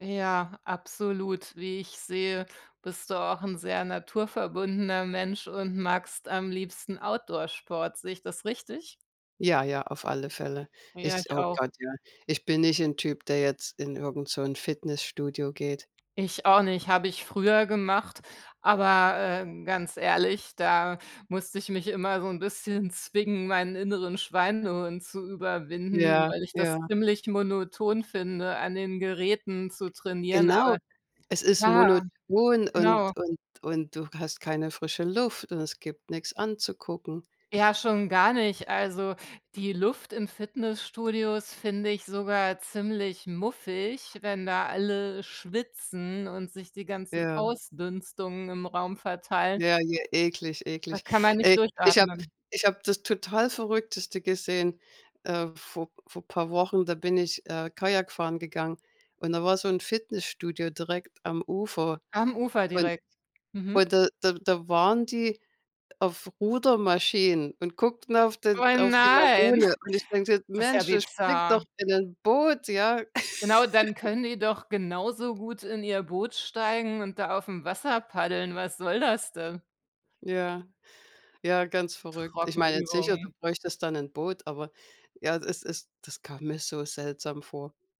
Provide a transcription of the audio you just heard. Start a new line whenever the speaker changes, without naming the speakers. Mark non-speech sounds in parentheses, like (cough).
Ja, absolut, wie ich sehe, bist du auch 'n sehr naturverbundener Mensch und magst am liebsten Outdoor-Sport. Sehe ich das richtig?
Ja, ja, auf alle Fälle.
Ja,
Ich
ich
oh
auch.
Gott ja, ich bin nicht 'n Typ, der jetzt in irgend so 'n Fitnessstudio geht.
Ich auch nicht. Habe ich früher gemacht, aber, äh, ganz ehrlich, da musste ich mich immer so 'n bisschen zwingen, meinen inneren Schweinehund zu überwinden,
Ja,
weil ich
ja.
das ziemlich monoton finde, an den Geräten zu trainieren,
Genau,
aber
es ist
ja,
monoton und
genau.
und und du hast keine frische Luft und es gibt nix anzugucken.
Ja, schon gar nicht. Also die Luft in Fitnessstudios finde ich sogar ziemlich muffig, wenn da alle schwitzen und sich die ganzen
Ja.
Ausdünstungen im Raum verteilen.
Ja, ja, eklig,
Da
eklig.
kann man
Ey,
nicht
ich habe
durchatmen.
ich habe das total Verrückteste gesehen, äh, vor vor paar Wochen. Da bin ich, äh, Kajak fahren gegangen und da war so 'n Fitnessstudio direkt am Ufer
Am Ufer
und
direkt. Mhm.
und da da da waren die auf Rudermaschinen und guckten auf
Oh
den auf die
nein!
Lagune
(snorts)
und ich denke:
Das ist ja
„Mensch, dann springt doch
bizarr.
in 'nen Boot”, ja.
Genau, dann
(chuckles)
können die doch genauso gut in ihr Boot steigen und da auf'm Wasser paddeln. Was soll das denn?
Ja, ja, ganz verrückt. Ich meine, sicher, du
Trockenübungen.
bräuchtest dann 'nen Boot, aber ja, das ist das kam mir so seltsam vor.